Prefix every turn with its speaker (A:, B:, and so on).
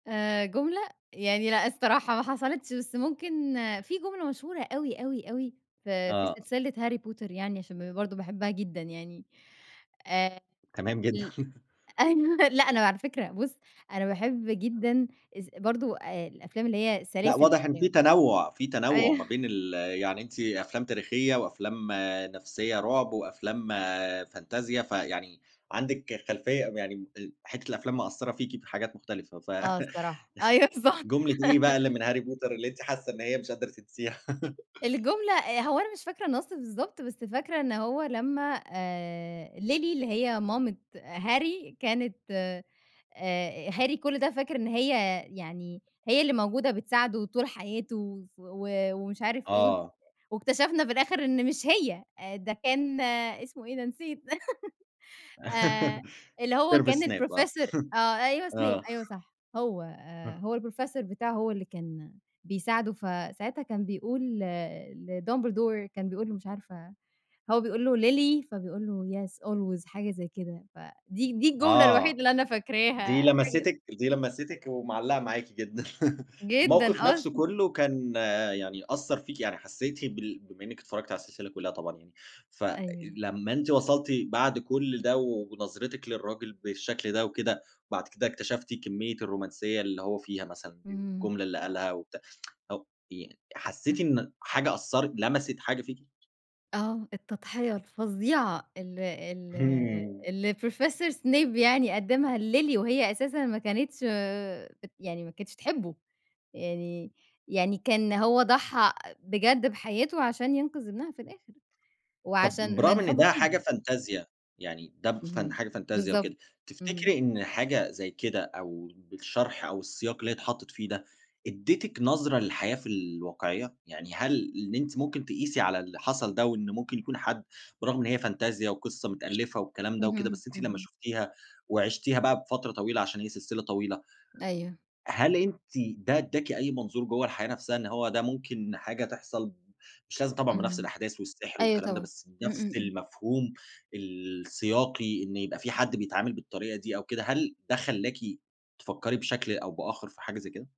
A: آآ، جملة يعني لأ الصراحة ما حصلتش، بس ممكن في جملة مشهورة أوي أوي أوي في في
B: آه.
A: سلسلة Harry Potter يعني، عشان ب برضه باحبها جدًا يعني. آآ،
B: تمام جدًا.
A: ال أ أيوه، لأ أنا على فكرة، بُص أنا باحِب جدًا از برضه الأفلام اللي هي
B: لأ،
A: سلاسِل
B: واضِح إن في
A: الأفلام.
B: تنوُّع، في تنوُّع ما
A: أيوه.
B: بين ال يعني أنتِ أفلام تاريخية وأفلام نفسية رعب، وأفلام فانتازيا، فيعني عندِك خلفية م يعني أ حتّة الأفلام مأثّرة فيكِ في حاجات مختلفة. ف
A: آه، الصراحة. أيوه، بالضبط.
B: جملة إيه بقى اللي من Harry Potter اللي أنتِ حاسَّة إن هي مش قادرة تنساها؟
A: الجملة هو أنا مش فاكرة النص بالضبط، بس فاكرة إن هو لمّا آآ، Lily اللي هي مامت Harry كانت آآ، Harry كل ده فاكر إن هي يعني هي اللي موجودة بتساعده طول حياته، وف و ومش عارِف إيه،
B: آه.
A: واكتشَفنا في الآخر إن مش هي، آآ، ده كان اسمه إيه؟ أنا نسيت، آآ، اللي هو
B: Sevrus
A: كان
B: Snape آه
A: الprofessor آه، أيوه Snape،
B: آه.
A: أيوه صح، هو آآ،
B: [unintelligible]
A: هو الprofessor بتاعه، هو اللي كان بيساعده. فساعتها كان بيقول ل لDumbledore، كان بيقول له، مش عارفة، هو بيقول له: "Lily"، فبيقول له "yes, always"، حاجة زي كده، فدي دي الجملة الوحيدة
B: آه
A: اللي أنا فاكراها
B: دي
A: حاج
B: لمستِك دي لمستِك ومعلِّقة معاكِ جدًا،
A: جدًا،
B: الموقف نفسه
A: أصلًا.
B: كله كان يعني أثَّر فيكِ يعني، حسيتِ بال بما إنِّك اتفرجتِ على السلسلة كلها طبعًا يعني،
A: أيوه.
B: فلمّا أنتِ وصلتِ بعد كل ده ونظرتِك للراجل بالشكل ده وكده، وبعد كده اكتشفتِ كمية الرومانسية اللي هو فيها مثلًا دي
A: إمم.
B: والجملة اللي قالها وبتاع، ي حسِّيتِ
A: صح.
B: إن حاجة أثَّرت، لمِسِت حاجة فيكِ؟
A: آه، التضحية الفظيعة ال ال
B: إمم.
A: اللي الsnap professor يعني قدَّمها لLily وهي أساسًا ما كانتش آآ، بت يعني ما كانتش تحبه، يعني يعني كان هو ضحَّى بجد بحياته عشان ينقذ ابنها في الآخر،
B: طب
A: وعشان
B: برغم
A: من
B: إن
A: حبه
B: ده
A: فيها
B: حاجة
A: يعني.
B: فانتازيا، يعني ده ف
A: اهم،
B: حاجة فانتازيا
A: بالضبط،
B: وكده،
A: اهم.
B: تفتكري إن حاجة زي كده، أو بالشرح أو السياق اللي هي اتحطِّت فيه ده، أدِّتك نظرة للحياة في الواقعية؟ يعني هل اللي أنتِ ممكن تقِيسي على اللي حصَل ده، وإن ممكن يكون حد، برغم إن هي فانتازيا، وقصة متألَّفة والكلام ده وكده،
A: اهم،
B: بس أنتِ لمّا
A: اهم.
B: شُفتِيها وعِشتِيها بقى بفترة طويلة عشان هي سلسلة طويلة،
A: أيوه.
B: هل أنتِ ده أدَّاكِ أي منظور جوّه الحياة نفْسها، إن هو ده ممكن حاجة تحصل، مش لازم طبعًا بنفس
A: اهم،
B: الأحداث والسحر
A: أيوه
B: والكلام ده،
A: طبعًا،
B: بس
A: إمم
B: نفس
A: إمم إمم.
B: المفهوم السياقي، إن يبقى في حد بيتعامل بالطريقة دي، أو كده؟ هل ده خلَّاكِ تفكّري بشكل أو بآخر في حاجة زي كده؟